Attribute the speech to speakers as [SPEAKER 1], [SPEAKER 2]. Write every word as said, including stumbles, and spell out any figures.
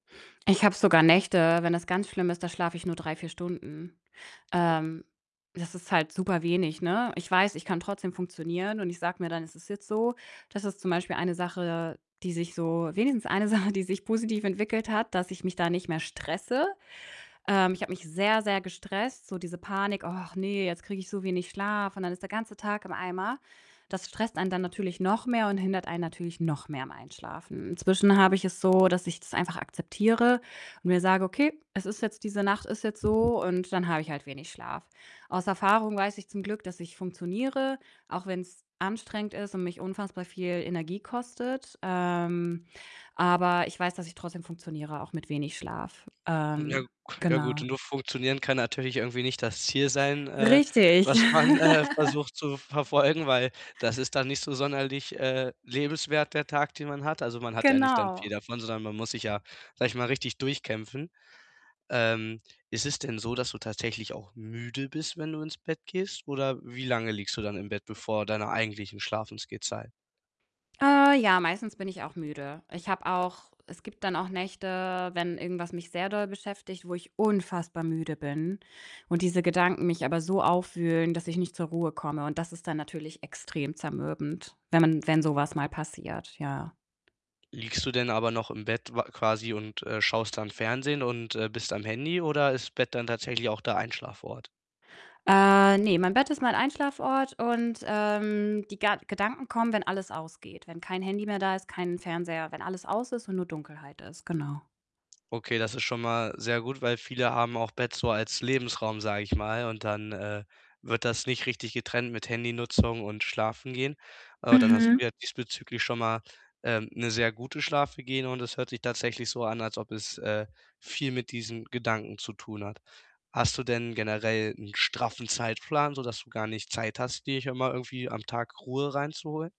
[SPEAKER 1] Ich habe sogar Nächte, wenn das ganz schlimm ist, da schlafe ich nur drei, vier Stunden.
[SPEAKER 2] [unintelligible]
[SPEAKER 1] Ähm, das ist halt superwenig, ne? Ich weiß, ich kann trotzdem funktionieren und ich sage mir dann: „Es ist jetzt so.“ Das ist zum Beispiel eine Sache, die sich so wenigstens eine Sache, die sich positiv entwickelt hat, dass ich mich da nicht mehr stresse. Ähm, ich habe mich sehr, sehr gestresst, so diese Panik: „Ach ne, jetzt kriege ich so wenig Schlaf, und dann ist der ganze Tag im Eimer.“ Das stresst einen dann natürlich noch mehr und hindert einen natürlich noch mehr am Einschlafen. Inzwischen habe ich es so, dass ich das einfach akzeptiere und mir sage: „Okay, es ist jetzt diese Nacht ist jetzt so, und dann habe ich halt wenig Schlaf.“ Aus Erfahrung weiß ich zum Glück, dass ich funktioniere, auch wenn's anstrengend ist und mich unfassbar viel Energie kostet. Ähm, aber ich weiß, dass ich trotzdem funktioniere, auch mit wenig Schlaf.
[SPEAKER 2] Ja k
[SPEAKER 1] Ähm,
[SPEAKER 2] ja, gut,
[SPEAKER 1] genau.
[SPEAKER 2] nur funktionieren kann natürlich irgendwie nicht das Ziel sein, äh,
[SPEAKER 1] Richtig.
[SPEAKER 2] was man, äh, versucht zu verfolgen, weil das ist dann nicht so sonderlich, äh, lebenswert, der Tag, den man hat. Also, man hat ja nicht dann viel
[SPEAKER 1] Genau.
[SPEAKER 2] davon, sondern man muss sich ja, sage ich mal, richtig durchkämpfen. Ähm, ist es denn so, dass du tatsächlich auch müde bist, wenn du ins Bett gehst oder wie lange liegst du dann im Bett, bevor deiner eigentlichen Schlafensgehzeit?
[SPEAKER 1] Äh, ja, meistens bin ich auch müde. Ich habe auch es gibt dann auch Nächte, wenn irgendwas mich sehr doll beschäftigt, wo ich unfassbar müde bin und diese Gedanken mich aber so aufwühlen, dass ich nicht zur Ruhe komme, und das ist dann natürlich extrem zermürbend, wenn man wenn so was mal passiert, ja.
[SPEAKER 2] Liegst du denn aber noch im Bett wa quasi und, äh, schaust dann Fernsehen und, äh, bist am Handy oder ist Bett dann tatsächlich auch der Einschlafort?
[SPEAKER 1] Äh, ne, mein Bett ist mal ein Einschlaf-Ort und, ähm, die Ga Gedanken kommen, wenn alles ausgeht. Wenn kein Handy mehr da ist, kein Fernseher, wenn alles aus ist und nur Dunkelheit ist, genau.
[SPEAKER 2] Okay, das ist schon mal sehr gut, weil viele haben auch Bett so als Lebensraum, sage ich mal, und dann, äh, wird das nicht richtig getrennt mit Handy-Nutzung und Schlafengehen. Aber dann hast du
[SPEAKER 1] Mhm.
[SPEAKER 2] ja diesbezüglich schon mal, ähm, 'ne sehr gute Schlafhygiene und es hört sich tatsächlich so an, als ob es, äh, viel mit diesen Gedanken zu tun hat. Hast du denn generell 'n straffen Zeitplan, sodass du gar nicht Zeit hast, dir schon mal irgendwie am Tag Ruhe reinzuholen?